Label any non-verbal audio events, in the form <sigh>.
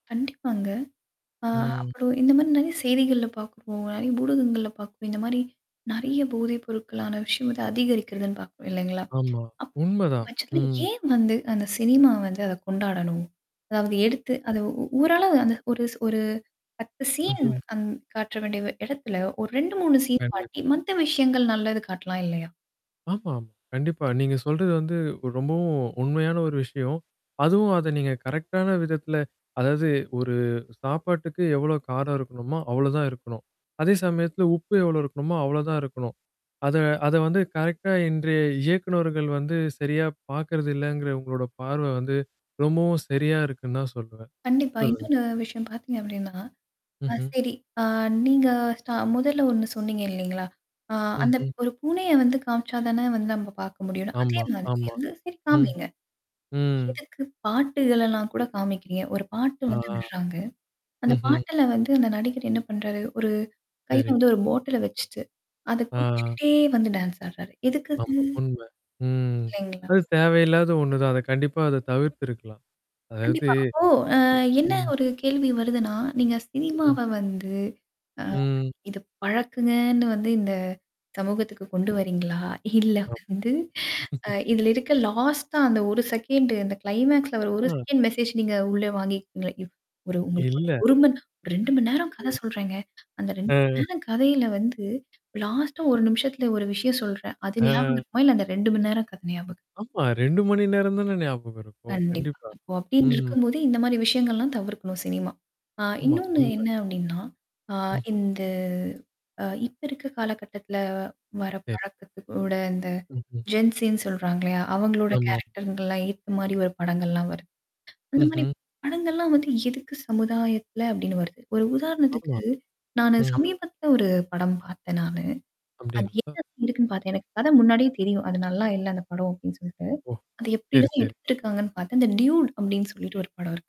கண்டிப்பாங்க. ஆ ம். அப்புறம் இந்த மாரி நெறைய செய்திகள்ல பாார்க்குறோம். நறைய ஊடகங்கள்ல பார்க்குறோம். இந்த மாரி நெறைய போதை பொருட்களான விஷயம் வந்து அதிகரிக்கிறதுன்னு பார்க்குறோம் இல்லைங்களா? ஆமா. அப்படி இருக்கும் உண்மதான். பட்சத்துல ம். ஏன் வந்து அந்த சினிமா வந்து அத கொண்டாடணும்? அதாவது எடுத்து அத உ ஊரள அந்த ஒருஸ் ஒரு 10 சீன் ம்ஹ்ம். அந் காட்டுற வேண்டிய இடத்துல ஒரு 2-3 சீன் கண்டிப்பா. காட்டி மத்த விஷயங்கள் நல்லது காட்டலாம் இல்லையா? ஆமாமா. கண்டிப்பா. நீங்க சொல்றது வந்து ரொம்பவும் உண்மையான ஒரு விஷயம். அதுவும் அத நீங்க கரெக்ட்டான விதத்தில அதாவது ஒரு சாப்பாட்டுக்கு எவ்வளோ காரம் இருக்கணுமோ அவ்ளோதான் இருக்கணும். அதே சமயத்துல உப்பு எவ்ளோ இருக்கணுமோ, அவ்ளோதான் இருக்கணும். அத அத வந்து கரெக்ட்டா இன்றைய இயக்குனர்கள் வந்து சரியா பார்க்கறது இல்லங்கற உங்களோட பார்வ வந்து, ரொம்பவும் சரியா இருக்குன்னு தான் சொல்லுவேன் கண்டிப்பா. சொல்லுங்க. இன்னொன்னு விஷயம் பாத்தீங்க அப்டின்னா ஆ ம்ஹ்ம். சரி. அ நீங்க ஸ்ட் முதல்ல ஒண்ணு சொன்னீங்க இல்லைங்களா? ஆ அந்த ம்ஹ்ம். ஒரு பூனைய வந்து காம்ச்சா தானே வந்து நம்ம பார்க்க முடியணும். அதே ஆமா, மாதிரி ஆமா. எந்த சீன் ம். காமிங்க. ம். எதுக்கு பாட்டு இதல்லாம் கூட காமிக்கிறீங்க? ஒரு பாட்டு ஆ. வந்து விடுறாங்க. அந்த ம்ஹ்ம். பாட்டுல வந்து அந்த நடிகர் என்ன பண்றாரு? ஒரு கையில சரி. வந்து ஒரு பாட்டில வச்சுட்டு. அத ஆ. குடிச்சுக்கிட்டே வந்து டான்ஸ் ஆடுறாரு. எதுக்கது? ஆமா. உண்ம. ம். இல்லைங்களா? அது தேவையில்லாத ஒண்ணு தான். அத கண்டிப்பா அத தவிர்த்துருக்கலாம். அதாவது கண்டிப்பா. அப்போ அ என்ன ம். ஒரு கேள்வி வருதுன்னா, நீங்க சினிமாவ ம். வந்து ஆ, ம். இது பழக்கங்கன்னு வந்து இந்த சமூகத்துக்கு கொண்டு ஆமா. வரீங்களா? <chuckles> இல்ல ஆமா. வந்து அ <laughs> இதில இருக்க லாஸ்ட்டா அந்த 1 செகண்டு அந்த கிளைமாக்ஸ்ல அவரு ஒரு ம். செகண்ட் மெசேஜ் நீங்க உள்ள வாங்கிக்கிறீங்களா? இவ ஒரு உங்களுக்கு ஒரு இல்ல. ஒரு மண் 2 மணி நேரம் கதை ம். சொல்றேங்க. அந்த 2 மணி அ. நேரம் கதையில வந்து லாஸ்ட்டா 1 நிமிஷத்துல ஒரு விஷயம் சொல்றேன். அது ஞாபகம் ம். இருக்குமா? இல்ல அந்த 2 மணி நேரம் கதை ஞாபகம் இருக்குமா? ஆமா. 2 மணி நேரம் தானே ஞாபகம் இருக்கும். கண்டிப்பா. கண்டிப்பா. அப்போ அப்டின்னு ம். இருக்கும்போது இந்த மாரி விஷயங்கள்லாம் தவிர்க்கணும் சினிமா. ஆ ஆமா. இன்னொன்னு உண்ம. என்ன அப்டின்னா ஆ ம். இந்த அ இப்ப இருக்க காலகட்டத்துல வர சரி. பழக்கத்து கூட இந்த ம்ஹம். ஜென்சின்னு சொல்றாங்க இல்லையா? அவங்களோட ஆமா. கேரக்டர்கள்லாம் ஏத்த மாரி ஒரு படங்கள்லாம் வருது. அது மாரி ம்ஹ்ம். படங்கள்ல்லாம் வந்து எதுக்கு சமுதாயத்தல அப்டின்னு வருது. ஒரு ஆமா. உதாரணத்துக்கு, நானு ம்ஹ்ம். சமீபத்தில ஒரு படம் பார்த்தேன் நானு. அது அப்டிங்களா? என்னது இருக்குன்னு பாார்த்தேன். எனக்கு கதை முன்னாடியே தெரியும். அது நல்லா இல்ல அந்த படம் அப்டின்னு சொல்ட்டு. ஒ! அ எப்டி சரி, தான் சரி. எடுத்திருக்காங்கன்னு பார்த்தா அந்த டியூட் அப்டின்னு சொல்லிட்டு ஒரு படம் இருக்கு.